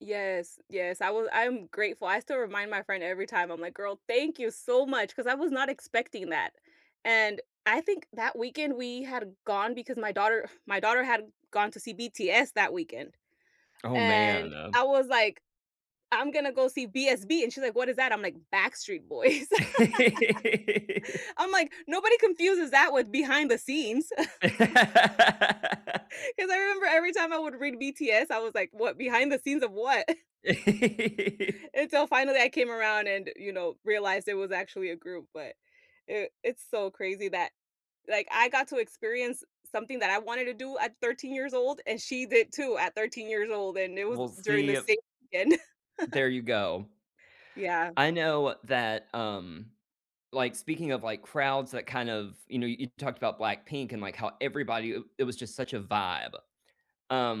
Yes, yes, I wa I'm grateful, I still remind my friend every time. I'm like, "Girl, thank you so much," 'cause I was not expecting that. And I think that weekend we had gone because my daughter my daughter had gone to see BTS that weekend Oh, man, and uh I was, like, "I'm gonna go see BSB," and she's like, "What is that?" I'm like, "Backstreet Boys." I'm like, "Nobody confuses that with behind the scenes." 'Cause I remember every time I would read BTS, I was like, "What? Behind the scenes of what?" Until finally, I came around and, you know, realized it was actually a group, but it it's so crazy that, like, I got to experience something that I wanted to do at 13 years old, and she did too at 13 years old, and it was We'll during see the a same weekend. There you go. Yeah. I know that, um like, speaking of, like, crowds that kind of you know, you talked about BLACKPINK and, like, how everybody, eh it was just such a vibe.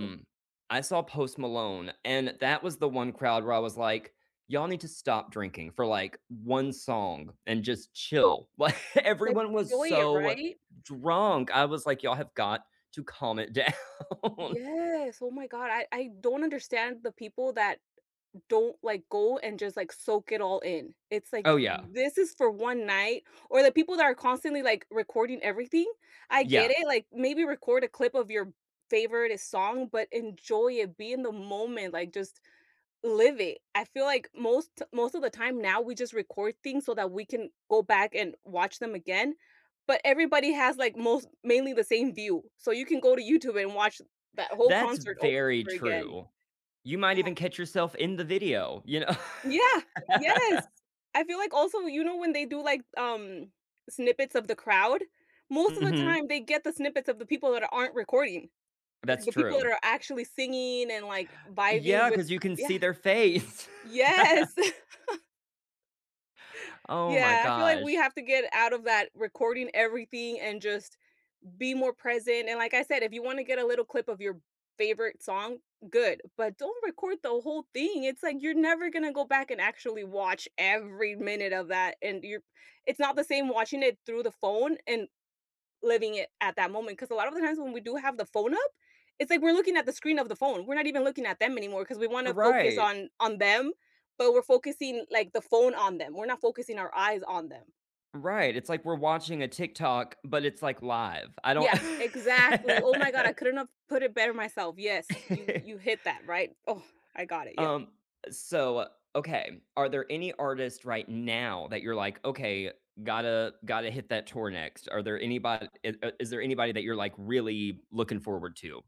Mm I saw Post Malone, and that was the 1 crowd where I was like, "Y'all need to stop drinking for, like, 1 song and just chill." Like, everyone was [unintelligible] so right? drunk, I was like, "Y'all have got to calm it down." Yes, oh my god, I I don't understand the people that don't, like, go and just, like, soak it all in. It's, Oh, like, yeah. this is for 1 night or the people that are constantly, like, recording everything. I get Yeah. it, like, maybe record a clip of your favorite song, but enjoy it, be in the moment, like, just live it. I feel like most t most of the time now we just record things so that we can go back and watch them again. But everybody has like most mainly the same view, so, you can go to YouTube and watch that whole That's concert very over again. true. You might Yeah. even catch yourself in the video, you Yeah. kn Yes. I feel like also, you know, when they do like, um, snippets of the crowd, most of the Mhm. time they get the snippets of the people that aren't recording. That's Like the people that true. are actually singing and, like, vibing Yeah, with 'cause you can Yeah. see their face. Yes. Oh my Yeah, I feel like we gosh. have to get out of that recording everything and just be more present, and like I said, if you wanna get a little clip of your favorite song, good, but don't record the whole thing, it's, like, you're never gonna go back and actually watch every minute of that, and you're it's not the same watching it through the phone and living it at that moment 'cause a lot of the times when we do have the phone up, it's like we're looking at the screen of the phone, we're not even looking at them anymore 'cause we wanna focus Right. on on them, but we're focusing, like, the phone on them, we're not focusing our eyes on them. Right, it's like we're watching a TikTok, but it's, like, live. I don't Yeah, exactly. Oh my god, I couldn't have put it better myself, yes, you you hit that right Oh, I got it, yep. Um, uh, so, okay. Are there any artists right now that you're like, "Okay, gotta gotta hit that tour next." Are there anybod eh uh, is there anybody that you're, like, really looking forward to?